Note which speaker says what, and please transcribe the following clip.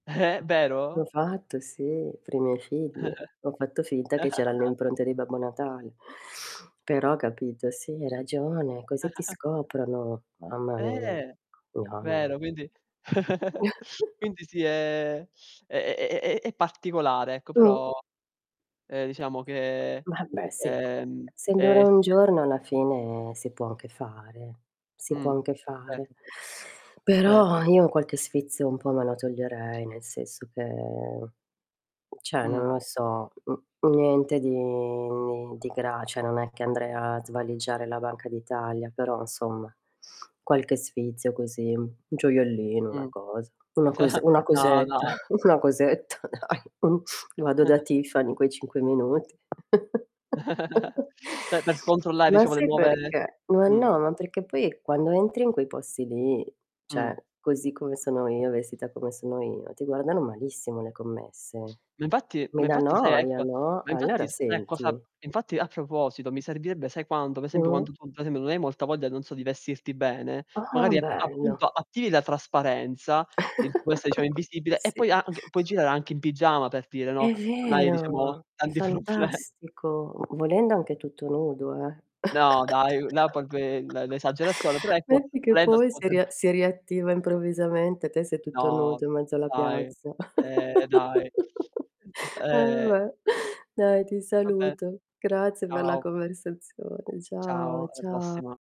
Speaker 1: Eh,
Speaker 2: L'ho
Speaker 1: vero?
Speaker 2: fatto sì, per i miei figli. Ho fatto finta che c'eran le impronte di Babbo Natale, però capito, sì hai ragione, così ti scoprono. Mamma mia,
Speaker 1: Eh.
Speaker 2: no,
Speaker 1: Vero,
Speaker 2: no.
Speaker 1: quindi quindi sì è è è è è è particolare ecco,
Speaker 2: Mh-mh.
Speaker 1: però, eh, diciamo che,
Speaker 2: Vabbè sì,
Speaker 1: ehm,
Speaker 2: essendo ora
Speaker 1: eh
Speaker 2: un
Speaker 1: sì.
Speaker 2: giorno alla fine si può anche fare, si può
Speaker 1: Mh.
Speaker 2: anche fare.
Speaker 1: Certo.
Speaker 2: Però
Speaker 1: Certo.
Speaker 2: io qualche sfizio un po' me lo toglierei, nel senso che, cioè non
Speaker 1: Mh-mh.
Speaker 2: lo so, n niente di di gra cioè non è che andrei a svaligiare la Banca d'Italia, però insomma, qualche sfizio così, un gioiellino, una
Speaker 1: Mh-mh.
Speaker 2: cosa, una
Speaker 1: Già.
Speaker 2: cose una
Speaker 1: No,
Speaker 2: cosetta
Speaker 1: no.
Speaker 2: dai, mh, vado da Tiffany in quei 5 minuti.
Speaker 1: Cioè per controllare
Speaker 2: Ma
Speaker 1: diciamo, le
Speaker 2: sai
Speaker 1: nuove
Speaker 2: perché? Ma
Speaker 1: mh.
Speaker 2: no, ma perché poi quando entri in quei posti lì,
Speaker 1: Mh.
Speaker 2: cioè così come sono io, vestita come sono io, ti guardano malissimo le commesse.
Speaker 1: Ma infatti ma
Speaker 2: Mi dà
Speaker 1: infatti sai
Speaker 2: noia,
Speaker 1: ecco
Speaker 2: no?
Speaker 1: ma infatti
Speaker 2: Allora
Speaker 1: s sai cosa
Speaker 2: senti
Speaker 1: infatti a proposito, mi servirebbe sai quando? Ad esempio
Speaker 2: Mh-mh.
Speaker 1: quando tu, per esempio, non hai molta voglia, non so, di vestirti bene,
Speaker 2: Ah,
Speaker 1: magari appu
Speaker 2: bello.
Speaker 1: appunto attivi la trasparenza, in questa diciamo invisibile, e
Speaker 2: Sì.
Speaker 1: poi anc puoi girare anche in pigiama per dire, no?
Speaker 2: E'
Speaker 1: Non hai diciamo,
Speaker 2: vero. È
Speaker 1: tanti proble
Speaker 2: fantastico. Vo volendo anche tutto nudo, eh.
Speaker 1: No dai, là proprio, eh, l'e l'esagerazione, però ecco
Speaker 2: Metti che
Speaker 1: volendo si
Speaker 2: poi si
Speaker 1: potrebbe
Speaker 2: ria si riattiva improvvisamente, te sei tutto
Speaker 1: No, d
Speaker 2: nudo in mezzo alla
Speaker 1: dai.
Speaker 2: piazza.
Speaker 1: Eh, dai, Eh.
Speaker 2: Vabbè, dai ti
Speaker 1: Va bene.
Speaker 2: saluto. Grazie per la
Speaker 1: Ciao.
Speaker 2: conversazione. Ciao,
Speaker 1: Ciao, alla
Speaker 2: ciao.
Speaker 1: prossima.